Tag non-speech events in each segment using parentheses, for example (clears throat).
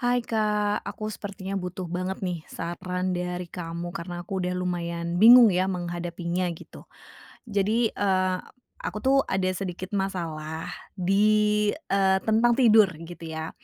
Hai, Kak, aku sepertinya butuh banget nih, saran dari kamu, karena aku udah lumayan bingung ya, menghadapinya, gitu. Jadi, eee, aku tuh ada sedikit masalah di eee, tentang tidur, gitu ya.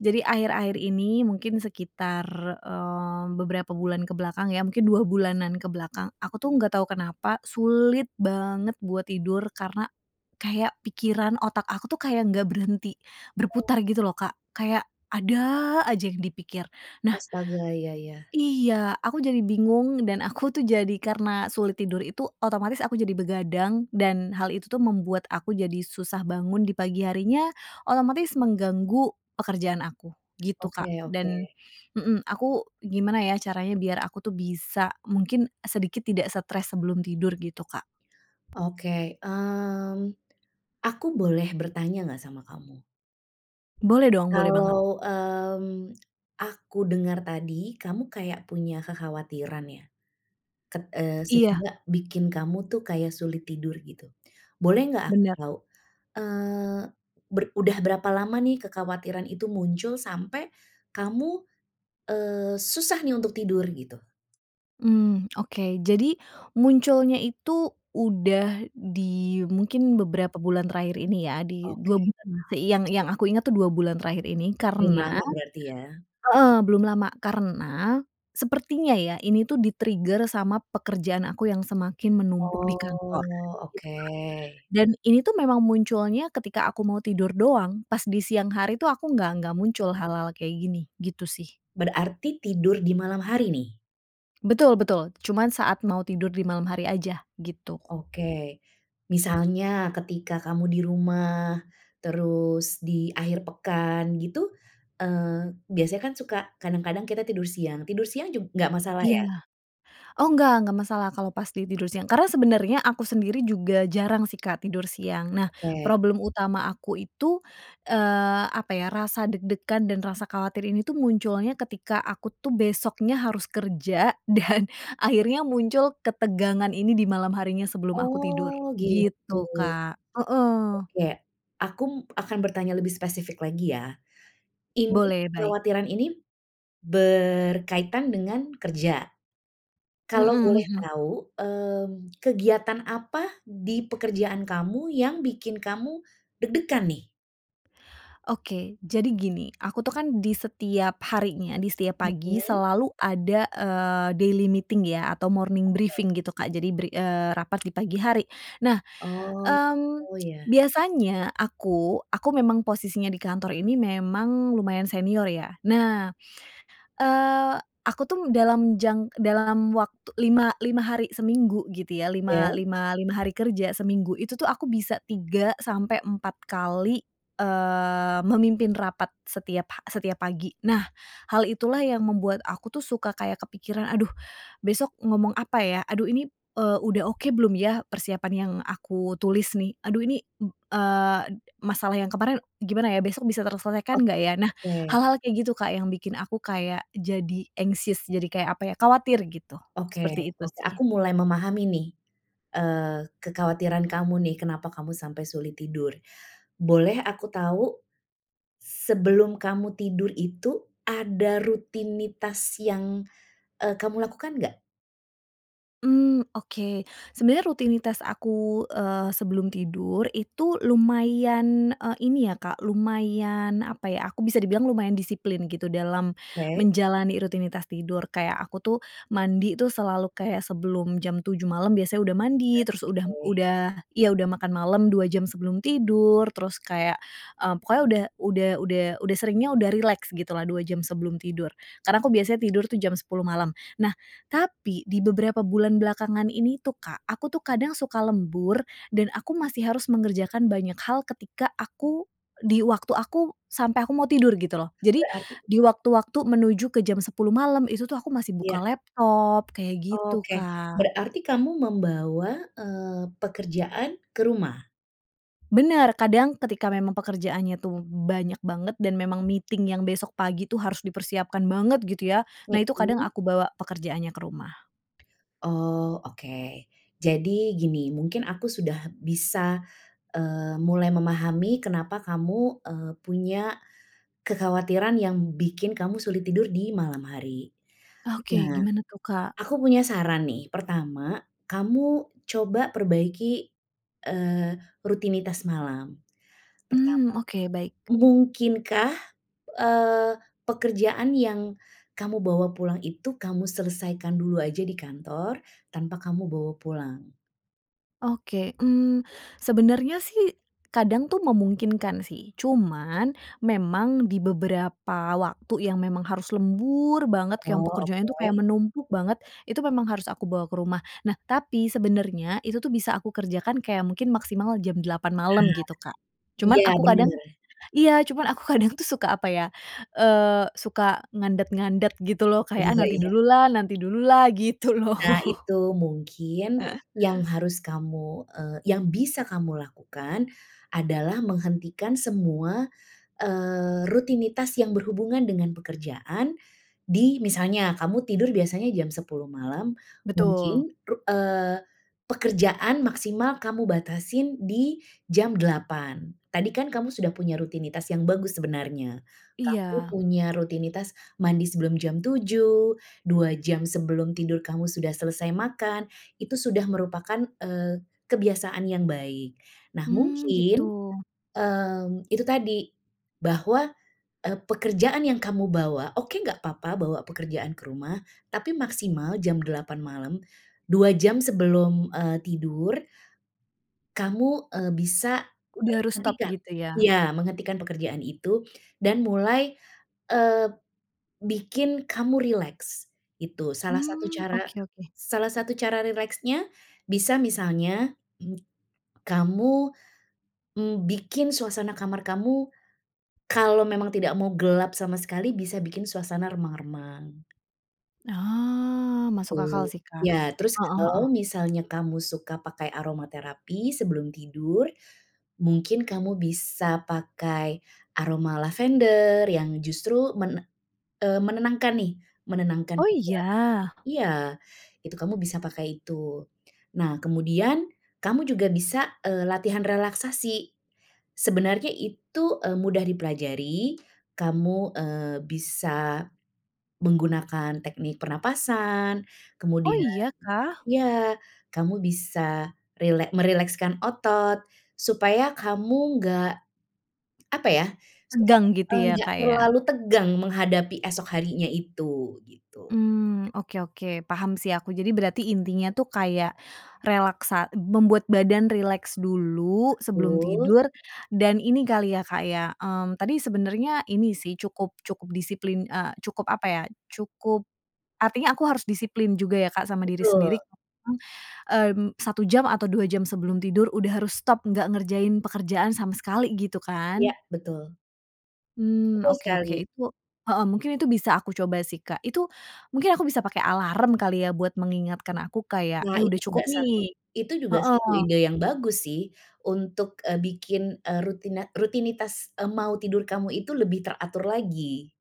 Jadi, akhir-akhir ini mungkin sekitar eee, beberapa bulan ke belakang ya, mungkin 2 bulanan ke belakang. Aku tuh enggak tahu kenapa, sulit banget buat tidur, karena kayak pikiran, otak aku tuh, kayak enggak berhenti Oh. berputar gitu loh, Kak. Kayak ada aja yang dipikir. Nah Astaga, iya iya. iya, aku jadi bingung dan aku tuh jadi karena sulit tidur itu, otomatis aku jadi begadang, dan hal itu tuh membuat aku jadi susah bangun di pagi harinya, otomatis Mhm. mengganggu pekerjaan aku, gitu, Kak. Oke oke. Dan mhm, aku gimana ya, caranya biar aku tuh bisa, mungkin sedikit tidak stres sebelum tidur gitu, Kak? Oke, mmm, aku boleh bertanya enggak sama kamu? Boleh dong, boleh banget. Kalau, mmm, aku dengar tadi, kamu kayak punya kekhawatiran ya, ket eee, Iya. sehingga bikin kamu tuh kayak sulit tidur, gitu. Boleh enggak aku Bener. tahu, eee, ber udah berapa lama nih kekhawatiran itu muncul sampai kamu, eee, susah nih untuk tidur, gitu? Mhm. Okey, jadi munculnya itu udah di mungkin beberapa bulan terakhir ini ya di 2 Oke. bulan lah, sei yang yang aku inget tuh 2 bulan terakhir ini, Belum karena lama berarti ya? heeh belum lama karena sepertinya ya ini tuh di-trigger sama pekerjaan aku yang semakin menumpuk di kantor Oh, gitu, oke. Kak. Dan ini tuh, memang munculnya ketika aku mau tidur doang. Pas di siang hari tuh aku nggak nggak muncul hal-hal kayak gini, gitu sih. Berarti tidur di malam hari nih? Betul, betul. Cuman saat mau tidur di malam hari aja, gitu. Oke, misalnya ketika kamu di rumah, terus di akhir pekan gitu, eee, biasanya kan suka kadang-kadang kita tidur siang, tidur siang jug nggak masalah Iya. ya? Oh nggak, nggak masalah kalau pas di tidur siang. Karena sebenernya aku sendiri juga jarang sih, Kak tidur siang. Nah, Oke. problem utama aku itu, eee, apa ya, rasa deg-degan dan rasa khawatir ini tuh munculnya ketika, aku tuh besoknya harus kerja dan akhirnya muncul ketegangan ini di malam harinya sebelum aku tidur Oh gitu. gitu, Kak heeh. Oke, aku akan bertanya lebih spesifik lagi ya. Ini, Boleh, baik. kekhawatiran ini berkaitan dengan kerja? Kalau Mhm, boleh mhm. tahu, mmm, kegiatan apa di pekerjaan kamu yang bikin kamu deg-degan nih? Oke. Jadi gini, aku tuh kan di setiap harinya, di setiap pagi Mhm. selalu ada, eee, daily meeting ya atau morning Oke. briefing gitu Kak. Jadi bri eee, rapat di pagi hari. Nah, Oh, gitu mmm, ya. biasanya aku aku memang posisinya di kantor ini, memang lumayan senior ya. Nah, eee, aku tuh dalam jang dalam waktu lima lima hari seminggu gitu ya, lima Iya. lima lima hari kerja seminggu, itu tuh aku bisa 3-4 kali, eee, memimpin rapat setiap ha setiap pagi. Nah hal itulah yang membuat aku tuh suka kayak kepikiran, "Aduh, besok ngomong apa ya? Aduh ini, eee, udah oke belum ya persiapan yang aku tulis nih? Aduh ini, mmm, eee, masalah yang kemarin gimana ya, besok bisa Oh, terselesaikan nggak ya?" Nah oke. hal-hal kayak gitu, Kak, yang bikin aku kayak jadi anxious. Jadi kayak apa ya, khawatir gitu, seperti Oke itu oke, sih. aku mulai memahami nih, eee, kekhawatiran kamu nih, kenapa kamu sampai sulit tidur. Boleh aku tahu, sebelum kamu tidur itu ada rutinitas yang, eee, kamu lakukan enggak? Mmm, oke. Sebenernya rutinitas aku, eee, sebelum tidur, itu lumayan, eee, ini ya, Kak, lumayan, apa ya, aku bisa dibilang lumayan disiplin gitu dalam Oke. menjalani rutinitas tidur. Kayak aku tuh mandi tuh, selalu kayak sebelum jam 07.00 malem biasanya udah mandi, terus udah Oke. udah iya udah makan malem 2 jam sebelum tidur. Terus kayak, eee, pokoknya udah udah udah udah seringnya udah rileks gitulah, 2 jam sebelum tidur. Karena aku biasanya tidur jam 10.00 malam. Nah, tapi di beberapa bulan belakangan ini tuh, Kak, aku tuh kadang suka lembur dan aku masih harus mengerjakan banyak hal ketika aku di waktu aku sampai aku mau tidur gitu, loh. Jadi Berarti di waktu-waktu menuju ke jam 10.00 malam itu tuh aku masih buka Iya. laptop kayak gitu, Oke, Kak. berarti kamu membawa, eee, pekerjaan ke rumah? Bener. Kadang ketika memang pekerjaannya tuh banyak banget dan memang meeting yang besok pagi itu harus dipersiapkan banget gitu, ya. Nah, itu kadang Mhm. aku bawa pekerjaannya ke rumah. Oh, oke. Jadi gini, mungkin aku sudah bisa, eee, mulai memahami kenapa kamu, eee, punya kekhawatiran yang bikin kamu sulit tidur di malam hari. Oke. Nah, Gimana tuh, Kak? aku punya saran nih, pertama, kamu coba perbaiki, eee, rutinitas malam, pertama. Mmm. Oke, baik. Mungkinkah, eee, pekerjaan yang kamu bawa pulang itu kamu selesaikan dulu aja di kantor tanpa kamu bawa pulang? Oke. Mmm, sebenernya sih, kadang tuh memungkinkan sih. Cuman, memang di beberapa waktu yang memang harus lembur banget, yang Oh, pekerjaannya itu kayak oke. menumpuk banget. Itu memang harus aku bawa ke rumah. Nah, tapi sebenernya itu tuh bisa aku kerjakan, kayak mungkin maksimal jam 08:00 Nah. malam gitu, Kak. Cuman Iya, aku kadang bener. iya, cuman aku kadang tuh suka, apa ya, eee, suka ngandet-ngandet gitu loh. Kayak, "Ah Iya nanti iya. dululah nanti dululah." Gitu loh. Nah, itu mungkin yang (laughs) harus kamu, eee yang bisa kamu lakukan adalah menghentikan semua, eee, rutinitas yang berhubungan dengan pekerjaan di misalnya kamu tidur biasanya jam 10:00 malam, Betul. mungkin ru eee, pekerjaan maksimal kamu batasin di jam 08:00. Tadi kan kamu sudah punya rutinitas yang bagus sebenarnya. Kamu Iya. punya rutinitas mandi sebelum jam 07:00, 2 jam sebelum tidur kamu sudah selesai makan, itu sudah merupakan, eee, kebiasaan yang baik. Nah, Mmm, gitu. mungkin, mmm, itu tadi, bahwa, eee, pekerjaan yang kamu bawa oke enggak apa-apa bawa pekerjaan ke rumah, tapi maksimal jam 8:00 malam, 2 jam sebelum, eee, tidur, kamu, eee, bisa Udah harus stop, menghentikan gitu ya? iya, menghentikan pekerjaan itu dan mulai, eee, bikin kamu rileks, itu. Salah satu Mmm. cara Oke oke. salah satu cara rileksnya bisa misalnya, (clears throat) kamu, mmm, bikin suasana kamar kamu kalau memang tidak mau gelap sama sekali, bisa bikin suasana remang-remang. Oh, masuk akal Tuh. sih, Kak. Ya, terus Heeh kalau heeh. misalnya kamu suka pakai aroma terapi sebelum tidur, mungkin kamu bisa pakai aroma lavender yang justru men eee, menenangkan nih, menenangkan Oh. pikiran Iya? iya, itu kamu bisa pakai itu. Nah, kemudian kamu juga bisa, eee, latihan relaksasi. Sebenarnya itu, eee, mudah dipelajari, kamu, eee, bisa menggunakan teknik pernafasan. Oh. Kemudian Iyakah? ya, kamu bisa rilek merilekskan otot. Supaya kamu nggak, apa ya, Tegang Supaya gitu ya, enggak Kak, ya? terlalu tegang menghadapi esok harinya itu, begitu. Mmm. Oke oke. Paham sih aku. Jadi berarti intinya itu kayak relaksa membuat badan rileks dulu sebelum Betul. tidur dan ini kali ya, Kak, ya, mmm tadi sebenernya ini sih, cukup cukup disiplin, eee, cukup, apa ya, Cukup, artinya aku harus disiplin juga ya, Kak, sama diri sendiri Betul. heeh, mmm, 1 jam atau 2 jam sebelum tidur, udah harus stop nggak ngerjain pekerjaan sama sekali, gitu Ya, kan? betul. Mmm, Betul oke oke, sekali. itu heeh, mungkin itu bisa aku coba sih, Kak. Itu, mungkin aku bisa pakai alarm kali ya, buat mengingatkan aku kayak, Nah, "Eh, udah itu juga cukup, nih" satu itu juga heeh. satu ide yang bagus sih, untuk eee, bikin eee, rutina rutinitas eee, mau tidur kamu itu lebih teratur lagi,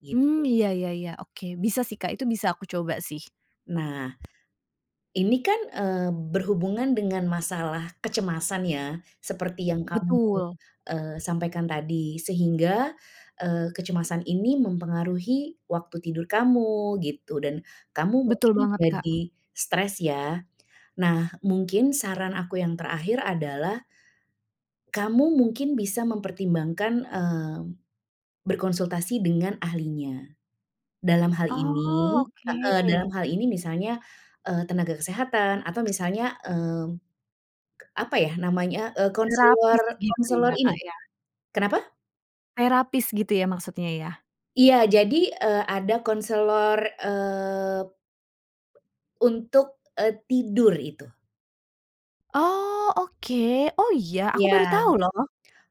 gitu. Mmm. Iya iya iya, oke. Bisa sih, Kak, itu bisa aku coba, sih. Nah, ini kan eee, berhubungan dengan masalah kecemasan ya, seperti yang kamu Betul. eee, sampaikan tadi, sehingga, eee, kecemasan ini mempengaruhi waktu tidur kamu, gitu, dan kamu Betul mungkin banget, Kak. jadi stres, ya. Nah, mungkin, saran aku yang terakhir adalah, kamu mungkin bisa mempertimbangkan eee, berkonsultasi dengan ahlinya. Dalam hal Oh, ini heeh, oke. dalam hal ini misalnya eee, tenaga kesehatan atau misalnya, mmm, apa ya namanya, eee konselor Terapis gitu konselor ya, Kak, ini ya. kenapa? Terapis gitu ya, maksudnya, ya? Iya. Jadi, eee, ada konselor, eee, untuk, eee, tidur itu. Oh, oke. Oh iya, aku baru Iya. tahu loh.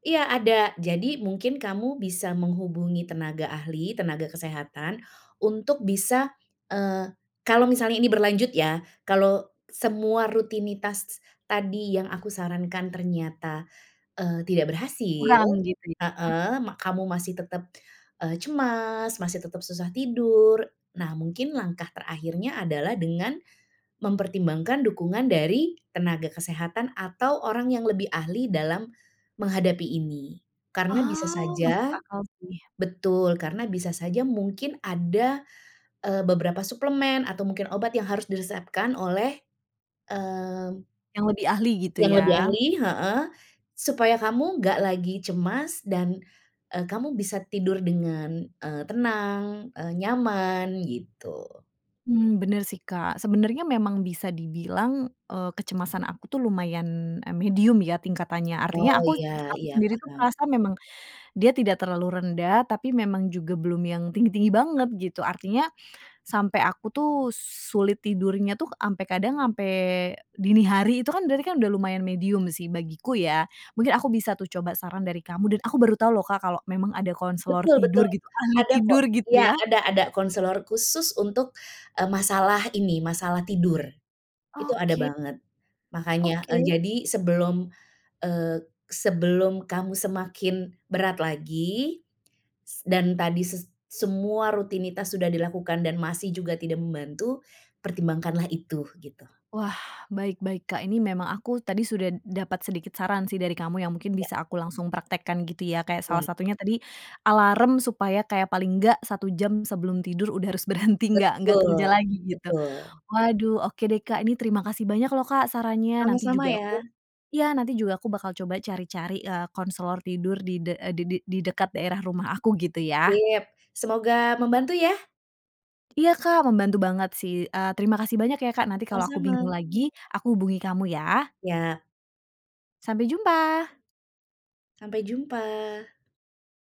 Iya ada, jadi mungkin kamu bisa menghubungi tenaga ahli, tenaga kesehatan untuk bisa eee, kalau misalnya ini berlanjut ya, kalau semua rutinitas tadi yang aku sarankan ternyata, eee, tidak berhasil Kurang gitu ya? heeh, mak kamu masih tetap, eee, cemas, masih tetap susah tidur. Nah mungkin langkah terakhirnya adalah dengan mempertimbangkan dukungan dari tenaga kesehatan atau orang yang lebih ahli dalam menghadapi ini. Karena bisa Oh, masuk saja akal sih. betul, karena bisa saja mungkin ada, eee, beberapa suplemen atau mungkin obat yang harus diresepkan oleh, mmm Yang lebih ahli gitu yang lebih ya? ahli, heeh. Supaya kamu nggak lagi cemas dan, eee, kamu bisa tidur dengan, eee, tenang, eee, nyaman, gitu. Mmm, bener sih Kak. Sebenernya memang bisa dibilang, eee, kecemasan aku tuh lumayan, eee, medium ya tingkatannya. Oh. Artinya aku Iya aku iya sendiri itu paham. merasa memang dia tidak terlalu rendah, tapi memang juga belum yang tinggi-tinggi banget gitu. Artinya sampai aku tuh sulit tidurnya itu, sampai kadang sampai dini hari itu kan berarti kan udah lumayan medium sih bagiku ya, mungkin aku bisa tuh coba saran dari kamu dan aku baru tahu loh Kak, kalau memang ada konselor Betul tidur betul. gitu, ahli Ada kok. tidur gitu Iya ya. ada ada konselor khusus untuk, eee, masalah ini, masalah tidur, itu ada Oke. banget. Makannya eee, Oke. jadi sebelum eee, sebelum kamu semakin berat lagi, s dan tadi s semua rutinitas sudah dilakukan dan masih juga tidak membantu, pertimbangkanlah itu, gitu. Wah, baik baik Kak, ini memang aku tadi sudah dapat sedikit saran sih dari kamu yang mungkin Iya. bisa aku langsung praktekkan gitu ya. Kayak salah Baik. satunya tadi alarm supaya kayak paling enggak, 1 jam sebelum tidur udah harus berhenti nggak nggak kerja Betul, lagi gitu. betul. Waduh. Oke deh Kak, ini terima kasih banyak loh Kak, sarannya, nanti Sama-sama juga ya. aku iya, nanti juga aku bakal coba cari-cari, eee, konselor tidur di de eee, di de di dekat daerah rumah aku gitu ya. Sip. Semoga membantu ya. Iya Kak, membantu banget sih. Eee, terima kasih banyak ya, Kak. Nanti kalau aku bingung Sama-sama. lagi, aku hubungi kamu ya. Iya. Sampai jumpa. Sampai jumpa.